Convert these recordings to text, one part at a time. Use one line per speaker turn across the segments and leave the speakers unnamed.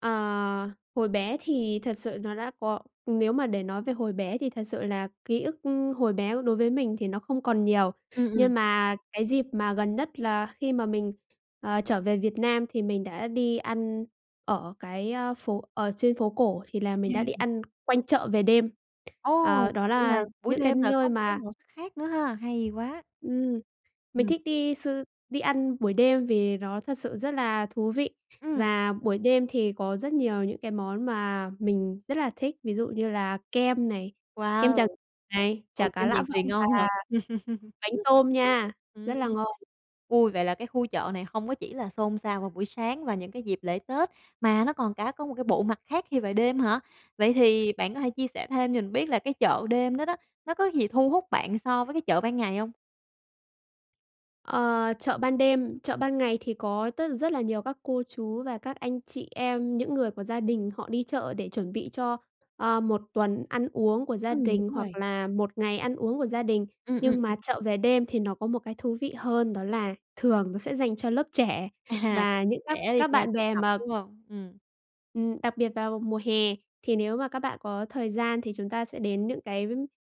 Ờ, hồi bé thì thật sự nó đã có nếu mà để nói về hồi bé thì thật sự là ký ức, ư, hồi bé đối với mình thì nó không còn nhiều,
Ừm, ừm.
nhưng mà cái dịp mà gần nhất là khi mà mình, ờ, trở về Việt Nam thì mình đã đi ăn ở cái, a, phố ở trên phố cổ thì là mình đã đi
[unintelligible]
ăn quanh chợ về đêm.
Ồ,
Ờ, đó
vậy
là
là buổi
những cái
đêm là có
nơi
một cái
mà
màu sắc khác nữa ha, hay quá.
Ừm. Mình
Ừm.
thích đi sư đi ăn buổi đêm vì nó thật sự rất là thú vị
Ừm.
và buổi đêm thì có rất nhiều những cái món mà mình rất là thích, ví dụ như là kem này, kem Tràng
Wow,
này, chả
ồ,
cá
kem
Lã
Tràng Tiền
Vọng
ngon
và
thật.
bánh tôm nha, rất
Ừm.
là ngon.
Ui, vậy là cái khu chợ này hông có chỉ là xôn xao vào buổi sáng và những cái dịp lễ Tết, mà nó còn cả có một cái bộ mặt khác khi về đêm hả? Vậy thì bạn có thể chia sẻ thêm cho mình biết là cái chợ đêm đó đó, nó có gì thu hút bạn so với cái chợ ban ngày hông?
Ờ, chợ ban đêm, chợ ban ngày thì có tất rất là nhiều các cô chú và các anh chị em, những người của gia đình họ đi chợ để chuẩn bị cho, ơ, 1 tuần ăn uống của gia
Ừm,
đình
đúng
hoặc
rồi.
là 1 ngày ăn uống của gia đình,
Ừ, ừm,
nhưng
ừ.
mà chợ về đêm thì nó có một cái thú vị hơn, đó là thường nó sẽ dành cho lớp trẻ
À, các
và những
bạn
các
trẻ đi
các
ra
bạn
tụ
bè
tập,
mà
đúng hông? Ừm.
Ừm, đặc biệt vào mùa hè thì nếu mà các bạn có thời gian thì chúng ta sẽ đến những cái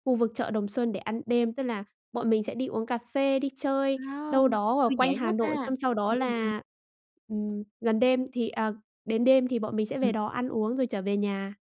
khu vực chợ Đồng Xuân để ăn đêm, tức là bọn mình sẽ đi uống cà phê, đi
Wow,
chơi đâu
[unintelligible]
đó ở
thư
quanh
giãn
Hà
quá ta.
Nội xong sau đó
Ừm, ừm, ừ.
là, ừm, gần đêm thì à, đến đêm thì bọn mình sẽ
Ừm.
về đó ăn uống rồi trở về nhà.